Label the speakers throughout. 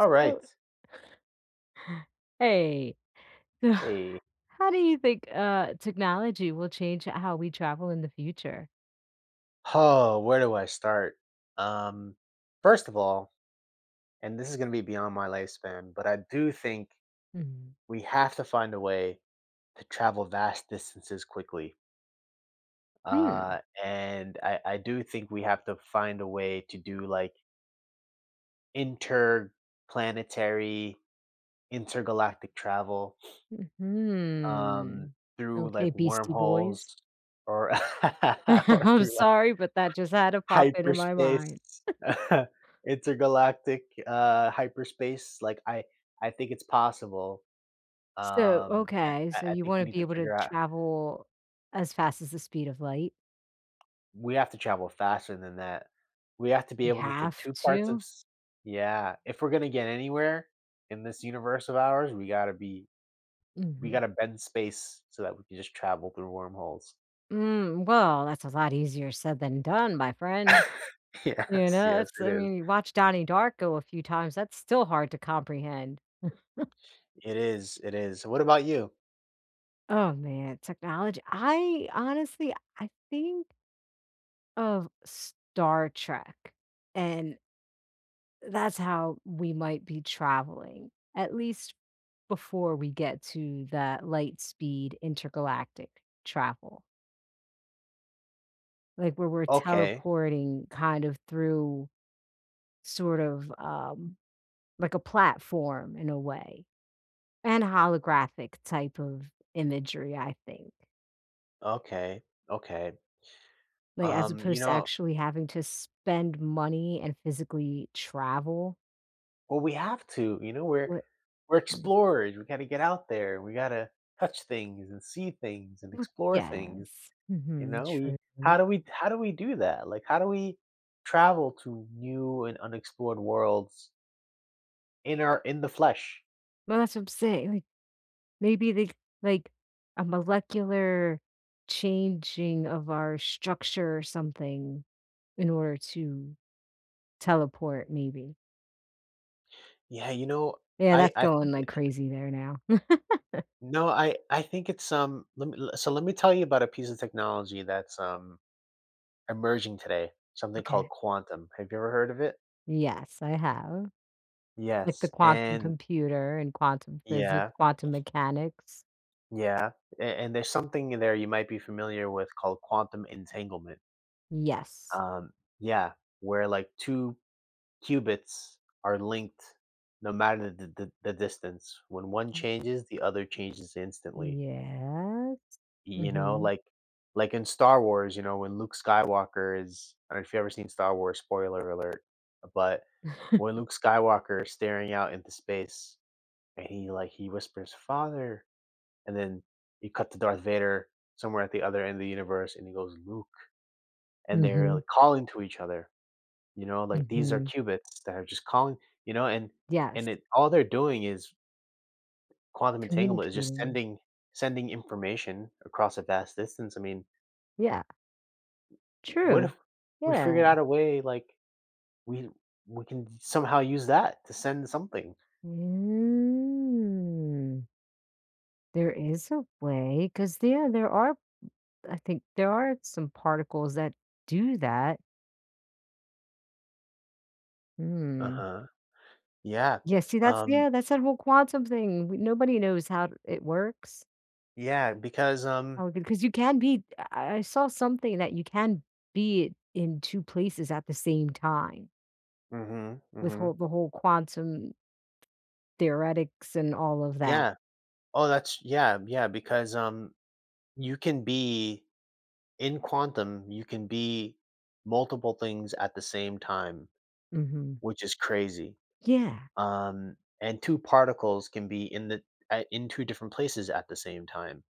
Speaker 1: S so Hey.
Speaker 2: Hey.
Speaker 1: How do you think, uh, technology will change ho how we travel in the future?
Speaker 2: Oh, where do I start? Um, first of all and this is gonna be beyond my lifespan, but I do think
Speaker 1: Mhm.
Speaker 2: we have to find a way to travel vast distances quickly.
Speaker 1: Hmm.
Speaker 2: Uh, and I I do think we have to find a way to do, like interplanetary, intergalactic travel, um,
Speaker 1: Mhm.
Speaker 2: through,
Speaker 1: Okay,
Speaker 2: like,
Speaker 1: Beastie
Speaker 2: wormholes
Speaker 1: Boys.
Speaker 2: or or
Speaker 1: I'm
Speaker 2: through, like,
Speaker 1: sorry, but that just had to pop into my
Speaker 2: hyperspace,
Speaker 1: mind.
Speaker 2: intergalactic, uh, hyperspace, like, I I think it's possible,
Speaker 1: So,
Speaker 2: um, and
Speaker 1: okay,
Speaker 2: I
Speaker 1: so
Speaker 2: I
Speaker 1: you
Speaker 2: think we
Speaker 1: wanna
Speaker 2: need
Speaker 1: be
Speaker 2: to
Speaker 1: able to
Speaker 2: figure out
Speaker 1: travel as fast as the speed of light?
Speaker 2: We have to travel faster than that. We have to be
Speaker 1: We
Speaker 2: able to take
Speaker 1: have
Speaker 2: 2 parts of
Speaker 1: to?
Speaker 2: s Yeah. If we're gonna get anywhere in this universe of ours, we gotta be we
Speaker 1: Mhm.
Speaker 2: gotta bend space so that we can just travel through wormholes.
Speaker 1: Mm, well, that's a lot easier said than done, my friend. You
Speaker 2: Yes.
Speaker 1: know,
Speaker 2: Yes,
Speaker 1: it's
Speaker 2: it
Speaker 1: I
Speaker 2: is.
Speaker 1: mean, you watch Donnie Darko a few times, that's still hard to comprehend.
Speaker 2: It is, it is. What about you?
Speaker 1: Oh, man, technology I honestly I think of Star Trek, and uh, that's how we might be traveling, at least before we get to that light speed intergalactic travel. Like, where we're
Speaker 2: Okay.
Speaker 1: teleporting kind of through sort of, um, like, a platform in a way, and holographic type of imagery, I think.
Speaker 2: Okay. Okay.
Speaker 1: Like, as
Speaker 2: Um, you
Speaker 1: opposed to
Speaker 2: know
Speaker 1: actually having to spend money and physically travel?
Speaker 2: Well, we have to, you know, we're
Speaker 1: What
Speaker 2: we're
Speaker 1: Mm.
Speaker 2: explorers, we gotta get out there, we gotta touch things and see things and
Speaker 1: Wh
Speaker 2: explore things,
Speaker 1: Yes.
Speaker 2: you
Speaker 1: Mhm,
Speaker 2: know, we
Speaker 1: true.
Speaker 2: How do we How do we do that? Like, how do we travel to new and unexplored worlds in our in the flesh?
Speaker 1: Well, that's what I'm saying and it maybe they c like, a molecular changing of our structure or something in order to teleport, maybe.
Speaker 2: Yeah, you know,
Speaker 1: Yeah,
Speaker 2: I
Speaker 1: that's
Speaker 2: I
Speaker 1: going,
Speaker 2: think
Speaker 1: like,
Speaker 2: that, uh
Speaker 1: crazy there now.
Speaker 2: No, I I think it's, um, let me So, let me tell you about a piece of technology that's, um, emerging today, something called
Speaker 1: Okay.
Speaker 2: quantum. Have you ever heard of it?
Speaker 1: Yes, I have. Like, the
Speaker 2: Yes,
Speaker 1: quantum
Speaker 2: and
Speaker 1: computer and quantum physics,
Speaker 2: Yeah.
Speaker 1: quantum mechanics.
Speaker 2: Yeah, a and there's something in there you might be familiar with called quantum entanglement.
Speaker 1: Yes.
Speaker 2: Um, yeah. Where, like, 2 cubits are linked no matter the the the distance, when one
Speaker 1: Mm.
Speaker 2: changes, the other changes instantly.
Speaker 1: Yes,
Speaker 2: You know,
Speaker 1: mhm.
Speaker 2: like like, in Star Wars, you know, when Luke Skywalker is I don't if you ever seen Star Wars, spoiler alert. Uh, but, when Luke Skywalker's staring out into space, and he, like, he whispers, "Father," and then, you cut to Darth Vader, somewhere at the other end of the universe, and he goes, "Luke," and they're,
Speaker 1: Mhm.
Speaker 2: like, calling to each other. You know, like, these are
Speaker 1: Mhm.
Speaker 2: cubits that are just calling you know, and and
Speaker 1: Yes.
Speaker 2: it all they're doing is quantum entanglement. It's just
Speaker 1: Communicating.
Speaker 2: sending sending information across a vast distance, I mean
Speaker 1: Yeah.
Speaker 2: W What
Speaker 1: True.
Speaker 2: if we
Speaker 1: Yeah.
Speaker 2: figured out a way, like, we we can somehow use that to send something?
Speaker 1: Mm. There is a way, 'cause yeah, there are b I think there are some particles that do that. Mm.
Speaker 2: Uh-huh. Yeah,
Speaker 1: Yes, see, that's
Speaker 2: um
Speaker 1: Yeah, that's what a quantum thing we nobody knows how it works.
Speaker 2: Yeah, because, um
Speaker 1: Oh, good, 'cause you can be I I I saw something that you can be in 2 places at the same time
Speaker 2: Mhm,
Speaker 1: with
Speaker 2: mhm.
Speaker 1: whole The whole quantum theoretics and all of that.
Speaker 2: Yeah. Oh, that's Yeah, yeah, because, um, you can be In quantum, you can be multiple things at the same time,
Speaker 1: Mhm.
Speaker 2: which is crazy.
Speaker 1: Yeah.
Speaker 2: Um, and 2 particles can be in the I in 2 different places at the same time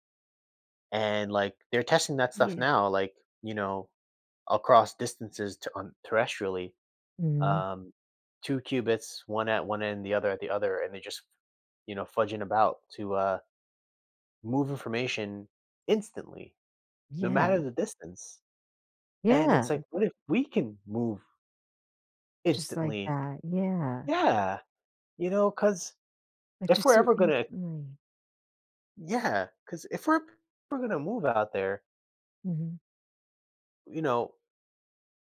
Speaker 2: and, like, they're testing that stuff
Speaker 1: Yeah.
Speaker 2: now, like, you know, across distances to an thresh really.
Speaker 1: Mhm.
Speaker 2: Um, 2 cubits, 1 at 1 end, the other at the other, and they're just, you know, fudging about to, uh, move information instantly, no matter
Speaker 1: Yeah.
Speaker 2: the distance, and
Speaker 1: Yeah,
Speaker 2: it's
Speaker 1: i
Speaker 2: like, "What if we can move"
Speaker 1: Just like
Speaker 2: "instantly?"
Speaker 1: that, yeah.
Speaker 2: Yeah. You know? 'Cause,
Speaker 1: Like,
Speaker 2: if
Speaker 1: just
Speaker 2: we're
Speaker 1: so
Speaker 2: ever gonna
Speaker 1: instantly.
Speaker 2: Yeah, 'cause if we’re we’re gonna move out there.
Speaker 1: Mhm.
Speaker 2: You know,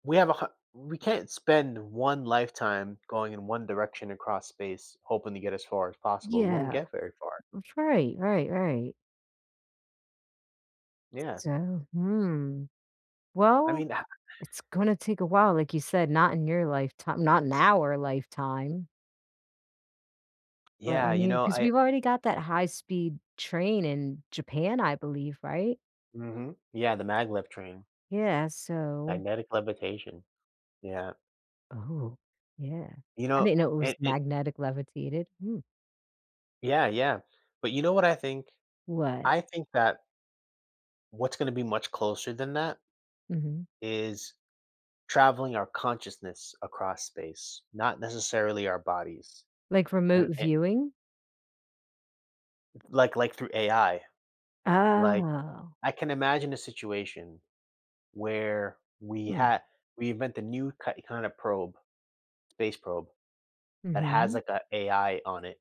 Speaker 2: we have a har We can’t spend 1 lifetime going in 1 direction across space hoping to get as far as possible, we won’t
Speaker 1: Yeah.
Speaker 2: get very far.
Speaker 1: That's right, right, right. S
Speaker 2: Yeah.
Speaker 1: so, hmm,
Speaker 2: I
Speaker 1: well,
Speaker 2: mean ha
Speaker 1: it's gonna take a while, like you said, not in your lifetime not in our lifetime. But, I
Speaker 2: Yeah, you
Speaker 1: mean,
Speaker 2: know,
Speaker 1: 'cause
Speaker 2: I
Speaker 1: we've already got that high-speed train in Japan, I believe, right?
Speaker 2: Mhm. Yeah, the maglev train.
Speaker 1: Yeah, so
Speaker 2: Magnetic levitation. Yeah.
Speaker 1: Oh, yeah.
Speaker 2: You
Speaker 1: I
Speaker 2: know,
Speaker 1: didn't know it was
Speaker 2: it it
Speaker 1: magnetic levitated, mm.
Speaker 2: Yeah, yeah. But you know what I think?
Speaker 1: What?
Speaker 2: I think that what's gonna be much closer than that
Speaker 1: Mhm.
Speaker 2: is traveling our consciousness across space, not necessarily our bodies.
Speaker 1: Like,
Speaker 2: Er,
Speaker 1: remote
Speaker 2: it
Speaker 1: viewing?
Speaker 2: Like like, through AI. Like,
Speaker 1: Oh.
Speaker 2: I can imagine a situation where we
Speaker 1: Mm.
Speaker 2: ha we invent the new ki kind of probe space probe, that has,
Speaker 1: Mhm.
Speaker 2: like, a AI on it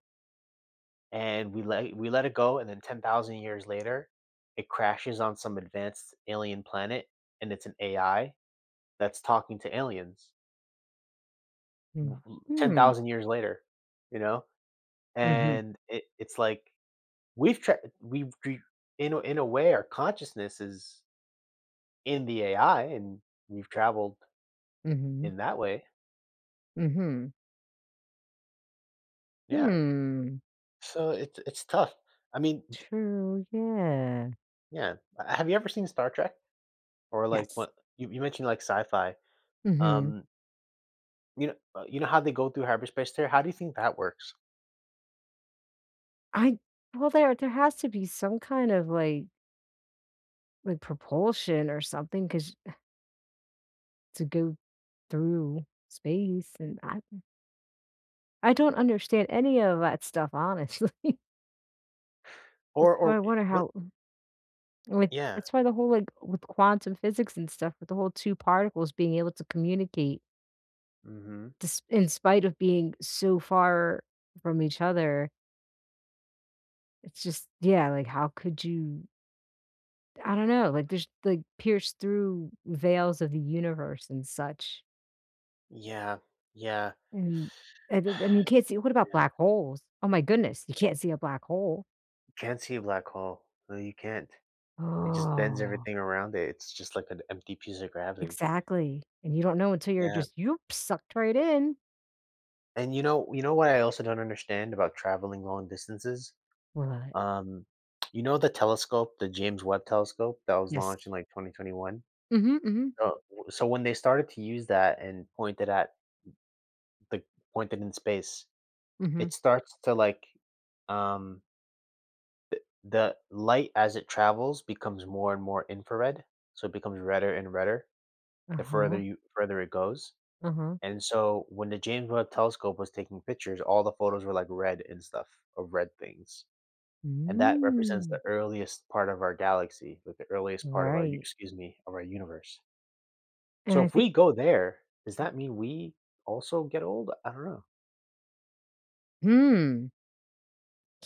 Speaker 2: and we let we let it go, and then 10,000 years later, it crashes on some advanced alien planet, and it’s an AI that’s talking to aliens. Mhm, ten
Speaker 1: Mhm.
Speaker 2: thousand years later, you know?
Speaker 1: Mhm.
Speaker 2: And it it’s like we’ve tra we’ve we’ve in a In a way our consciousness is in the AI and we've traveled
Speaker 1: Mhm.
Speaker 2: in that way.
Speaker 1: Mhm.
Speaker 2: Yeah.
Speaker 1: Hmm.
Speaker 2: So it's it's tough. I mean, d
Speaker 1: True, yeah.
Speaker 2: Yeah. Uh, have you ever seen Star Trek? Or, like,
Speaker 1: Yes.
Speaker 2: what you you mentioned, like, sci-fi,
Speaker 1: Mhm.
Speaker 2: um You kno uh, you know how they go through hyperspace there? How do you think that works?
Speaker 1: I well there there has to be some kind of, like like, propulsion or something 'cause to go through space and I I don't understand any of that stuff, honestly. That's
Speaker 2: Or
Speaker 1: why I
Speaker 2: or, eh
Speaker 1: wonder
Speaker 2: what
Speaker 1: how ooh, like
Speaker 2: Yeah.
Speaker 1: that's why the whole, like with quantum physics and stuff with the whole 2 particles being able to communicate
Speaker 2: Mhm.
Speaker 1: desp in spite of being so far from each other it's just yeah, like, how could you I don't know, like, just, like, pierce through veils of the universe and such.
Speaker 2: Yeah. Yeah.
Speaker 1: And and and you can't see what about
Speaker 2: Yeah.
Speaker 1: black holes? Oh my goodness, you can't see a black hole.
Speaker 2: Can't see a black hole. No, you can't. It just bends
Speaker 1: Oh.
Speaker 2: everything around it. It's just like an empty piece of gravity.
Speaker 1: Exactly. And you don't know until you're
Speaker 2: Yeah.
Speaker 1: just, "Yoop," sucked right in.
Speaker 2: And you know you know what I also don't understand about traveling long distances?
Speaker 1: What?
Speaker 2: Um, you know the telescope, the James Webb Telescope that was
Speaker 1: Yes.
Speaker 2: launched in, like, 2021?
Speaker 1: Mhm, mhm.
Speaker 2: Oh, w so when they started to use that and pointed at the pointed in space,
Speaker 1: Mhm.
Speaker 2: it's starts to, like, um The the light as it travels becomes more and more infrared, so, it becomes redder and redder, the further
Speaker 1: Uh-huh.
Speaker 2: you further it goes,
Speaker 1: Uh-huh.
Speaker 2: and so, when the James Webb Telescope was taking pictures, all the photos were, like, red and stuff of red things, and that represents
Speaker 1: Hmm.
Speaker 2: the earliest part of our galaxy, like, the earliest part of our u
Speaker 1: Right.
Speaker 2: excuse me, of our universe.
Speaker 1: And
Speaker 2: So,
Speaker 1: I
Speaker 2: if
Speaker 1: think
Speaker 2: we go there, does that mean we also get old? I don't know.
Speaker 1: Mm.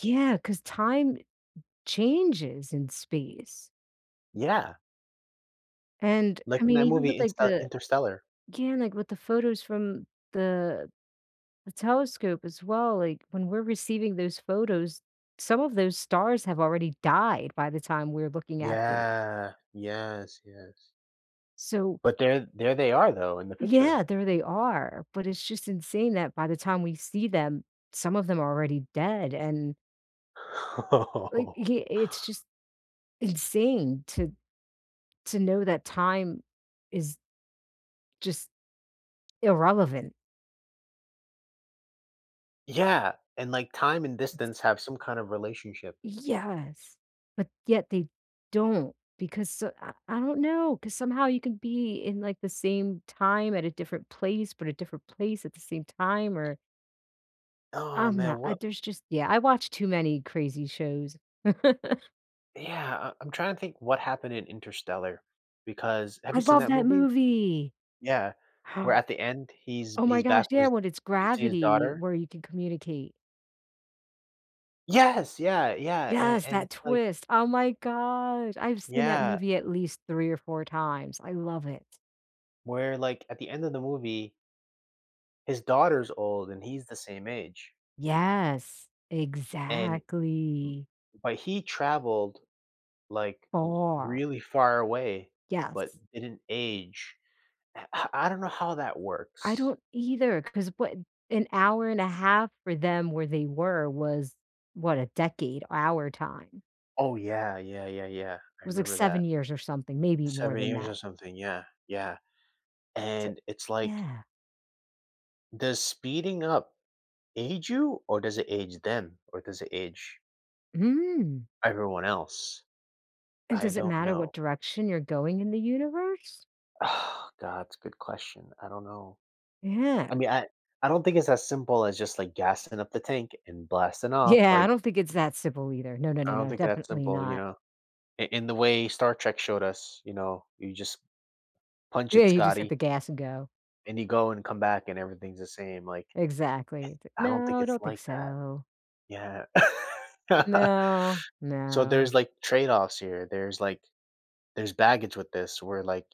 Speaker 1: Yeah, 'cause time changes in space.
Speaker 2: Yeah.
Speaker 1: And,
Speaker 2: Like
Speaker 1: I
Speaker 2: in
Speaker 1: mean,
Speaker 2: that
Speaker 1: even with,
Speaker 2: movie,
Speaker 1: like,
Speaker 2: Insta
Speaker 1: the
Speaker 2: Interstellar.
Speaker 1: Yeah, like, with the photos from the the telescope as well, like, when we're receiving those photos, some of those stars have already died by the time we're looking at those.
Speaker 2: Yeah. Yes, yes.
Speaker 1: So
Speaker 2: But they're there they are, though, in the picture.
Speaker 1: Yeah, there they are, but it's just insane that by the time we see them, some of them are already dead and like, i
Speaker 2: Oh.
Speaker 1: uh, it's just insane to to know that time is just irrelevant.
Speaker 2: Yeah, and, like, time and distance
Speaker 1: [unintelligible]
Speaker 2: have some kind of relationship.
Speaker 1: Yes, but yet they don't, because, uh I I don't know, 'cause somehow you could be in, like, the same time at a different place, but a different place at the same time, or
Speaker 2: Aw,
Speaker 1: I'm
Speaker 2: man,
Speaker 1: not uh,
Speaker 2: what
Speaker 1: there's just yeah, I watch too many crazy shows.
Speaker 2: yeah, uh, I'm trying to think what happened in Interstellar because have
Speaker 1: I
Speaker 2: you seen
Speaker 1: love
Speaker 2: that
Speaker 1: that
Speaker 2: movie?
Speaker 1: movie!
Speaker 2: Yeah, where
Speaker 1: Hum.
Speaker 2: at the end, he's
Speaker 1: Oh my
Speaker 2: he's
Speaker 1: gosh,
Speaker 2: back with
Speaker 1: yeah,
Speaker 2: his
Speaker 1: when it's
Speaker 2: you can see his
Speaker 1: gravity
Speaker 2: daughter.
Speaker 1: where you can communicate.
Speaker 2: Yes! Yeah, yeah and
Speaker 1: Yes,
Speaker 2: and
Speaker 1: that
Speaker 2: it's like
Speaker 1: twist, oh my gosh, I've seen that
Speaker 2: Yeah.
Speaker 1: movie at least 3 or 4 times, I love it.
Speaker 2: Where, like, at the end of the movie his daughter's old and he's the same age.
Speaker 1: Yes,
Speaker 2: And m
Speaker 1: exactly.
Speaker 2: but he traveled, like, r
Speaker 1: Far.
Speaker 2: really far away, but
Speaker 1: Yes.
Speaker 2: didn't age, eh uh, I don't know how that
Speaker 1: I
Speaker 2: works.
Speaker 1: don't either 'cause what an hour and a half for them, where they were was, what? A decade, our time?
Speaker 2: Oh, yeah, yeah, yeah, yeah, I
Speaker 1: It was, like,
Speaker 2: remember that.
Speaker 1: 7 years or something, maybe more
Speaker 2: 7
Speaker 1: than
Speaker 2: years
Speaker 1: that.
Speaker 2: or something, yeah, yeah.
Speaker 1: S
Speaker 2: And it's like
Speaker 1: yeah.
Speaker 2: does speeding up age you? Or, does it age them? Or does it age
Speaker 1: Mm.
Speaker 2: everyone else?
Speaker 1: And
Speaker 2: I
Speaker 1: does it
Speaker 2: don't
Speaker 1: matter what
Speaker 2: know.
Speaker 1: direction you're going in the universe?
Speaker 2: God, it's a good question. I don't know I
Speaker 1: Yeah.
Speaker 2: mean, I I don't think it's as simple as just, like, gassing up the tank and blasting off,
Speaker 1: Yeah, I
Speaker 2: like
Speaker 1: don't think it's that simple either. No, no,
Speaker 2: I
Speaker 1: no,
Speaker 2: don't
Speaker 1: no,
Speaker 2: think it's that
Speaker 1: definitely
Speaker 2: simple, you
Speaker 1: not.
Speaker 2: know, i in the way Star Trek showed us, you know, you just, "Punch
Speaker 1: Yeah,
Speaker 2: it,
Speaker 1: you just
Speaker 2: Scotty"
Speaker 1: hit the gas and go.
Speaker 2: and you go and come back and everything's the same, like
Speaker 1: Exactly. T
Speaker 2: eh, I don't think
Speaker 1: no, I
Speaker 2: it's
Speaker 1: don't think
Speaker 2: like that.
Speaker 1: so.
Speaker 2: Yeah.
Speaker 1: No,
Speaker 2: So,
Speaker 1: no.
Speaker 2: there's, like, trade-offs here. There's, like there's baggage with this where, like,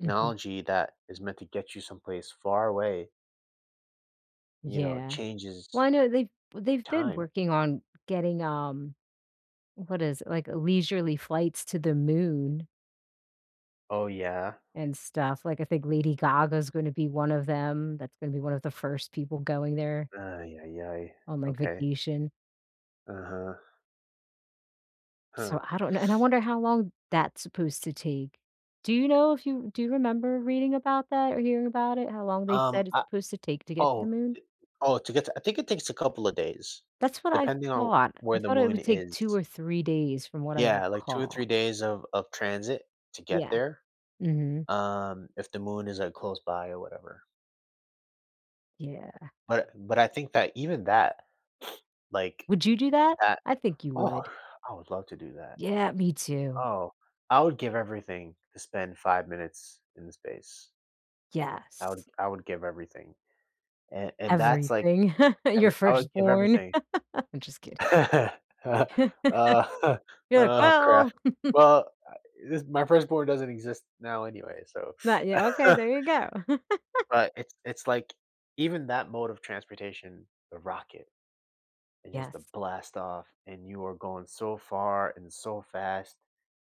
Speaker 1: Mhm.
Speaker 2: that is meant to get you someplace far away you know,
Speaker 1: Yeah.
Speaker 2: changes
Speaker 1: Well, I know, they've they've been
Speaker 2: time.
Speaker 1: working on getting, um what is like, leisurely flights to the Moon
Speaker 2: Oh, yeah?
Speaker 1: and stuff. Like, I think Lady Gaga's gonna be one of them, that's gonna be one of the 1st people going there
Speaker 2: Ay, ay, ay.
Speaker 1: on, like,
Speaker 2: Okay.
Speaker 1: vacation.
Speaker 2: Uh-huh. Huh.
Speaker 1: So I don't know and I wonder how long that's supposed to take. Do you know if you do you remember reading about that or hearing about it how long they
Speaker 2: Um,
Speaker 1: said it's
Speaker 2: I
Speaker 1: supposed to take to get to
Speaker 2: oh, eh,
Speaker 1: the Moon?
Speaker 2: oh, to get to I think it takes a couple of days,
Speaker 1: That's what I
Speaker 2: depending on
Speaker 1: thought. I
Speaker 2: where the
Speaker 1: thought it
Speaker 2: Moon
Speaker 1: would take 2
Speaker 2: is.
Speaker 1: or 3 days from what I
Speaker 2: Yeah, like, 2 or
Speaker 1: recall.
Speaker 2: 3 days of of transit to get
Speaker 1: Yeah.
Speaker 2: there,
Speaker 1: Mhm.
Speaker 2: um, if the Moon is, like, close by or whatever.
Speaker 1: Yeah.
Speaker 2: But but I think that even that, like,
Speaker 1: Would you do that?
Speaker 2: that
Speaker 1: I think you
Speaker 2: Oo,
Speaker 1: would.
Speaker 2: I would love to do that.
Speaker 1: Yeah, me too.
Speaker 2: Oh, I would give everything to spend 5 minutes in the space. I would
Speaker 1: Yes.
Speaker 2: I would give everything. A and that's like,
Speaker 1: Everything. Your
Speaker 2: every I would give
Speaker 1: firstborn.
Speaker 2: everything.
Speaker 1: I'm just kidding.
Speaker 2: Uh, uh,
Speaker 1: You're like,
Speaker 2: oh, crap.
Speaker 1: "Well."
Speaker 2: Well, uh, this my firstborn doesn't exist now anyway, so,
Speaker 1: Not yet. Okay, there you go.
Speaker 2: but it's it's like even that mode of transportation, the rocket, and just the
Speaker 1: Yes.
Speaker 2: blast off, and you are going so far and so fast,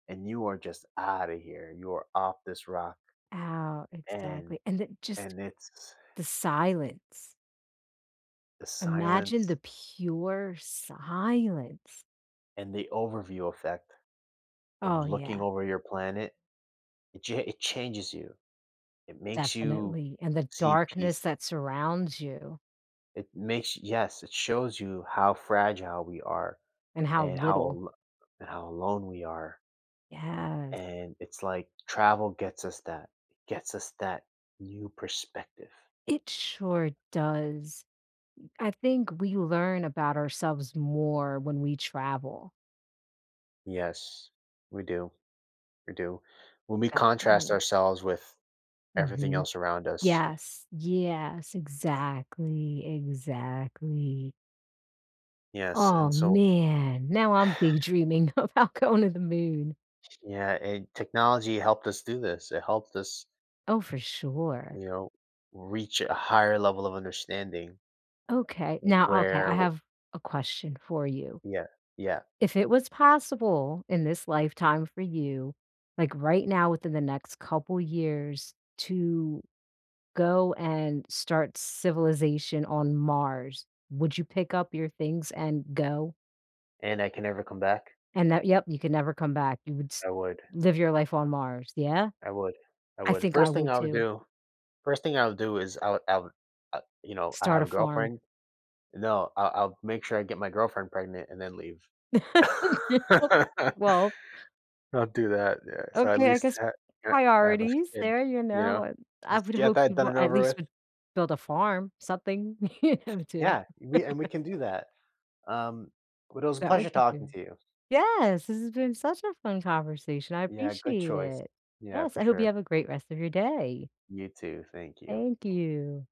Speaker 2: and you are just outta here. You are off this rock.
Speaker 1: Oh.
Speaker 2: And
Speaker 1: Exactly. And then just
Speaker 2: and it's
Speaker 1: the silence.
Speaker 2: The
Speaker 1: Imagine
Speaker 2: silence.
Speaker 1: the pure silence.
Speaker 2: And the overview effect of
Speaker 1: Oh,
Speaker 2: looking
Speaker 1: yeah.
Speaker 2: over your planet, it cha it changes you. It makes you
Speaker 1: Definitely. And the
Speaker 2: see
Speaker 1: darkness
Speaker 2: peace.
Speaker 1: that surrounds you.
Speaker 2: It makes Yes, it shows you how fragile we are
Speaker 1: And how
Speaker 2: and how
Speaker 1: little.
Speaker 2: al how alone we are.
Speaker 1: Yes.
Speaker 2: And it's like travel gets us that gets us that new perspective.
Speaker 1: It sure does. I think we learn about ourselves more when we travel.
Speaker 2: Yes. We do. We do. When we
Speaker 1: That
Speaker 2: contrast
Speaker 1: [unintelligible]
Speaker 2: ourselves with everything
Speaker 1: Mhm.
Speaker 2: else around us.
Speaker 1: Yes, yes, exactly, exactly.
Speaker 2: Yes,
Speaker 1: Aw,
Speaker 2: and so
Speaker 1: man. Now I'm big dreaming about going to the Moon.
Speaker 2: Yeah, and technology helped us do this. It helped us
Speaker 1: Oh, for sure.
Speaker 2: you know, reach a higher level of understanding
Speaker 1: Okay.
Speaker 2: w
Speaker 1: Now, okay,
Speaker 2: where
Speaker 1: I
Speaker 2: w
Speaker 1: have a question for you.
Speaker 2: Yeah. Yeah.
Speaker 1: If it was possible in this lifetime for you, like, right now within the next couple years, to go and start civilization on Mars, would you pick up your things and go?
Speaker 2: And I can never come back?
Speaker 1: And that yep, you can never come back. You would s
Speaker 2: I would.
Speaker 1: live your life on Mars. Yeah?
Speaker 2: I would. I
Speaker 1: I
Speaker 2: would.
Speaker 1: think I
Speaker 2: 1st thing
Speaker 1: would
Speaker 2: I would
Speaker 1: too.
Speaker 2: do 1st thing I would do is I would I would, uh, you know, I
Speaker 1: Start
Speaker 2: have
Speaker 1: a
Speaker 2: a
Speaker 1: farm.
Speaker 2: girlfriend No, I I'll make sure I get my girlfriend pregnant and then leave.
Speaker 1: Well
Speaker 2: I'll do that, yeah, so at
Speaker 1: Okay, I
Speaker 2: least
Speaker 1: guess
Speaker 2: ha ha have a
Speaker 1: priorities
Speaker 2: kid,
Speaker 1: there, you
Speaker 2: you
Speaker 1: know,
Speaker 2: know?
Speaker 1: what I
Speaker 2: Just
Speaker 1: would
Speaker 2: get
Speaker 1: hope
Speaker 2: that
Speaker 1: you
Speaker 2: done
Speaker 1: would
Speaker 2: and
Speaker 1: at
Speaker 2: over
Speaker 1: least
Speaker 2: with.
Speaker 1: would build a farm, something here, too.
Speaker 2: Yeah, we and we can do that. Um, but it was a
Speaker 1: That
Speaker 2: pleasure
Speaker 1: would be
Speaker 2: talking
Speaker 1: good.
Speaker 2: to you.
Speaker 1: Yes! This has been such a fun conversation, I
Speaker 2: Yeah, good
Speaker 1: appreciate
Speaker 2: choice.
Speaker 1: it.
Speaker 2: Yeah,
Speaker 1: Yes,
Speaker 2: for
Speaker 1: I hope you
Speaker 2: sure.
Speaker 1: have a great rest of your day.
Speaker 2: You too. Thank you.
Speaker 1: Thank you.